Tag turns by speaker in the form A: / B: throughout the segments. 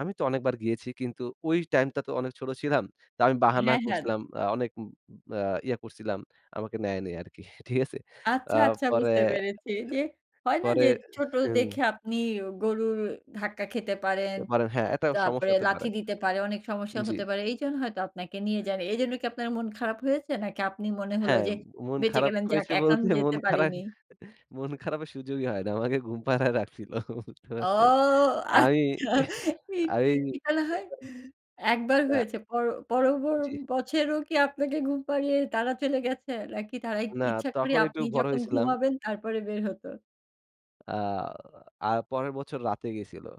A: আমি তো অনেকবার গিয়েছি। কিন্তু ঐ টাইম টা তো অনেক ছোট ছিলাম। তা আমি বাহানা
B: হ্যাঁ, হ্যাঁ।
A: করছিলাম, আ অনেক উম উম বা ইয়ে করছিলাম, আমাকে নেয়নি আরকি। ঠিক আছে? আ
B: আচ্ছা, আচ্ছা।
A: পরে
B: বুঝতে
A: এ
B: পেরেছি, যে হয় না?
A: পরে
B: যে, ছোট
A: এ হুম।
B: দেখে আপনি গরুর ধাক্কা খেতে পারেন।
A: এরপরে, হ্যাঁ, এটা সমস্যা
B: তারপরে
A: হতে পারে।
B: লাথি দিতে পারে, অনেক সমস্যা
A: জি।
B: হতে পারে। এইজন্য হয়তো আপনাকে নিয়ে যায়নি। এইজন্য কি আপনার মন খারাপ হয়েছে? নাকি আপনি মনে হল
A: হ্যাঁ,
B: যে,
A: মন
B: বেঁচে
A: খারাপ
B: গেলেন যাক
A: হয়েছে
B: এখন
A: বলতে,
B: যেতে
A: মন খারা
B: পারিনি?
A: মন খারাপের সুযোগই হয় না। আমাকে ঘুম পাড়ায় রাখছিল। বুঝতে
B: ও!
A: পারছেন? আমি,
B: আচ্ছা। ঠিক
A: আমি
B: কি বলা হয়? ১ বার
A: অ্যা
B: হয়েছে। পর পর বর
A: জি।
B: বছরেও কি আপনাকে ঘুম পাড়িয়ে তারা চলে গেছে? নাকি তারাই ই
A: না।
B: ইচ্ছা করে
A: তখন একটু
B: আপনি
A: বড়
B: যখন
A: হইছিলাম।
B: ঘুমাবেন, তারপরে বের হত?
A: আ আর পরের বছর রাতে গেছিলো।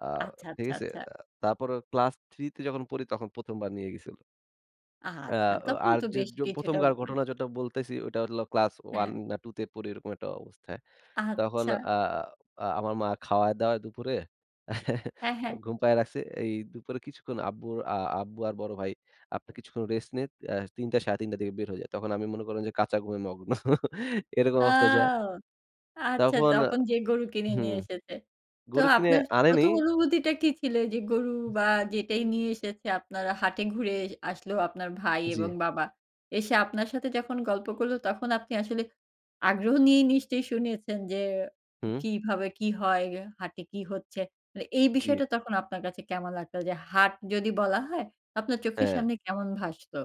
A: অ্যা
B: আচ্ছা,
A: ঠিক
B: আচ্ছা,
A: আছে?
B: আচ্ছা।
A: আ তারপর ও ক্লাস 3 যখন পড়ি তখন ১ম বার নিয়ে গেছিল। অ্যা
B: আচ্ছা,
A: ও
B: তখন
A: আর
B: তো
A: যো
B: বেশ
A: যো ১ম
B: কিছুটাব
A: কার ঘটনা যেটা বলতেছি। ওইটা হইলো ক্লাস 1
B: হ্যাঁ।
A: না 2 তে পড়ি ঐরকম একটা অবস্থায়। তখন
B: আচ্ছা।
A: অ্যা অ্যা আমার মা খাওয়ায়-দাওয়ায় দুপুরে
B: হ্যাঁ,
A: আ
B: হ্যাঁ।
A: ঘুম পায় রাখছে। এই দুপুরে কিছুক্ষণ আব্বুর আ আব্বু আর বড় ভাই আপনের কিছুক্ষণ রেস্ট নিয়ে, অ্যা ৩ টা ৩.৫ টার দিকে বের হয়ে যায়। তখন আমি মনে করলাম যে কাঁচা ঘুমে মগ্ন। এরকম অবস্থায় যায়া
B: আও! আচ্ছা।
A: তখন আ
B: তখন যেয়ে গরু কিনে
A: হু।
B: নিয়ে এসেছে। তো
A: গরু কিনে
B: আপনার য
A: আনেনি।
B: ১ম অনুভূতিটা কি ছিল? যে গরু বা যেটাই নিয়ে এসেছে আপনার হাটে ঘুরে এজ আসলো আপনার ভাই এবং
A: জি।
B: বাবা। এসে আপনার সাথে যখন গল্প করলো তখন আপনি আসলে আগ্রহ নিয়েই নিশ্চয়ই শুনেছেন। যে
A: হু।
B: কিভাবে কি হয়, গে হাটে কি হচ্ছে? মানে এই
A: জি।
B: বিষয়টা তখন আপনার কাছে কেমন লাগতো? যে হার্ট যদি বলা হয়, আপনার চোখের
A: হ্যাঁ।
B: সামনে কেমন ভাসতো?